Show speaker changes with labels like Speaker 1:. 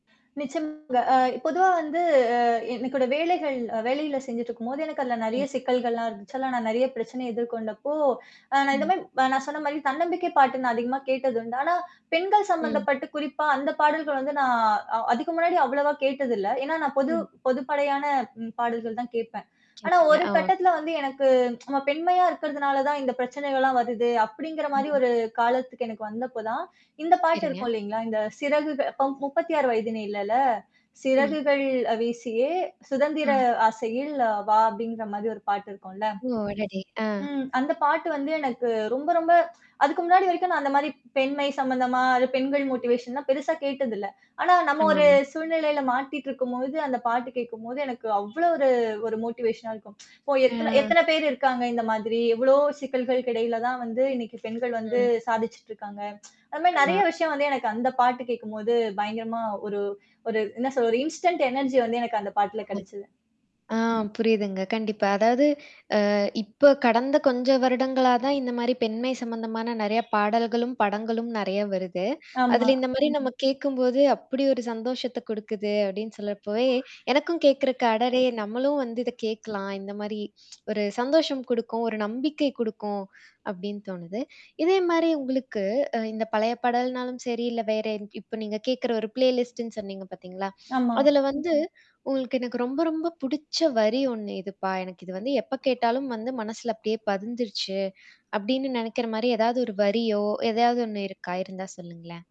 Speaker 1: நிச்சயமாங்க. அ பொதுவா வந்து அ என்னோட வேலைகள் வேலையில செஞ்சுட்டு இருக்கும்போது எனக்கு அதுல நெறைய
Speaker 2: ம்.
Speaker 1: சிக்கல்கள்லாம் இருந்துச்சு. அதெல்லாம் நான் நெறைய பிரச்சனை எதிர்கொண்டப்போ, அ நான் இந்த
Speaker 2: ஆமா.
Speaker 1: மாரி நான் சொன்ன மாரி தன்னம்பிக்கை பாட்டு நான் அதிகமா கேட்டதுண்டு. ஆனா பெண்கள்
Speaker 2: ம்.
Speaker 1: சம்மந்தப்பட்டு குறிப்பா அந்த பாடல்கள் வந்து நான் அ அதுக்கு முன்னாடி அவ்வளவா கேட்டதில்ல. ஏன்னா நான் பொது
Speaker 2: ம்.
Speaker 1: பொதுப்படையான ம் பாடல்கள் தான் கேட்பேன். ஆனா,
Speaker 2: கேட்பீங்க.
Speaker 1: ஒரு
Speaker 2: ஆ.
Speaker 1: கட்டத்துல வந்து எனக்கு நம்ம பெண்மையா இருக்கிறதுனால தான் இந்த பிரச்சனைகள்லாம் வருது. அப்படிங்கிற மாரி
Speaker 2: ம்.
Speaker 1: ஒரு காலத்துக்கு எனக்கு வந்தப்போ தான், இந்த பாட்டு
Speaker 2: சரிங்க.
Speaker 1: இருக்கும் இல்லைங்களா? இந்த சிறகுக பம் 36 வயதினிலேல,
Speaker 2: அ.
Speaker 1: "சிறகுகள் அ வீசியே சுதந்திர
Speaker 2: அ.
Speaker 1: ஆசையில் அ வா" அப்படிங்கிற மாரி ஒரு பாட்டு இருக்கும்ல்ல.
Speaker 2: ஓ! அடடே! அ.
Speaker 1: ம். அந்த பாட்டு வந்து எனக்கு ரொம்ப ரொம்ப அதுக்கு முன்னாடி வரைக்கும் நான் அந்த மாரி பெண்மை சம்மந்தமா, அது பெண்கள்
Speaker 2: [unintelligible]
Speaker 1: மோட்டிவேஷன்லாம் பெருசா கேட்டது இல்ல. ஆனா நம்ம ஒரு
Speaker 2: ஆமாம.
Speaker 1: சூழ்நிலையில மாட்டிட்டு இருக்கும்போது, அந்த பாட்டு கேட்கும்போது எனக்கு அவ்வளோ ஒரு ஒரு மோட்டிவேஷனா இருக்கும். இப்போ எத்தன
Speaker 2: அ.
Speaker 1: எத்தன பேர் இருக்காங்க இந்த மாதிரி. எவ்வளோ சிக்கல்கள்க்கிடையில தான் வந்து இன்னைக்கு பெண்கள் வந்து
Speaker 2: ம்.
Speaker 1: சாதிச்சுட்டு இருக்காங்க. அந்த மாரி நெறைய
Speaker 2: ஆமா.
Speaker 1: விஷயம் வந்து எனக்கு அந்த பாட்டு கேட்கும்போது பயங்கரமா ஒரு ஒரு என்ன சொல்றது? இன்ஸ்டன்ட் எனர்ஜிய வந்து எனக்கு அந்த பாட்டுல கெடைச்சுது.
Speaker 2: [unintelligible] ஆ புரியுதுங்க. கண்டிப்பா. அதாவது அ இப்ப கடந்த கொஞ்ச வருடங்களா தான் இந்த மாரி பெண்மை சம்மந்தமான நெறைய பாடல்களும், படங்களும் நெறைய வருது.
Speaker 1: ஆமா.
Speaker 2: அதுல இந்த மாரி நம்ம கேட்கும்போது அப்படி ஒரு சந்தோஷத்த குடுக்குது அப்படின்னு சொல்றப்பவே, எனக்கும் கேட்கறக்கு அடடே! நம்மளும் வந்து இத கேட்கலாம். இந்த மாரி ஒரு சந்தோஷம் குடுக்கும், ஒரு நம்பிக்கை குடுக்கும், அப்படின்னு தோணுது. இதே மாரி உங்களுக்கு அ இந்த பழைய பாடல்னாலும் சரி, இல்ல வேற இப்ப நீங்க கேக்கற ஒரு ப்ளேலிஸ்ட்ட்ன்னு சொன்னீங்க பார்த்தீங்களா?
Speaker 1: ஆமா.
Speaker 2: அதுல வந்து உங்களுக்கு, "எனக்கு ரொம்ப ரொம்ப புடிச்ச வரி ஒண்ணு இதுப்பா? எனக்கு இது வந்து எப்ப கேட்டாலும் வந்து மனசுல அப்படியே பதிஞ்சுருச்சு." அப்படின்னு நெனைக்கிற மாரி ஏதாவது ஒரு வரியோ, எதையாவது ஒண்ணு இருக்கா? இருந்தா சொல்லுங்களேன்?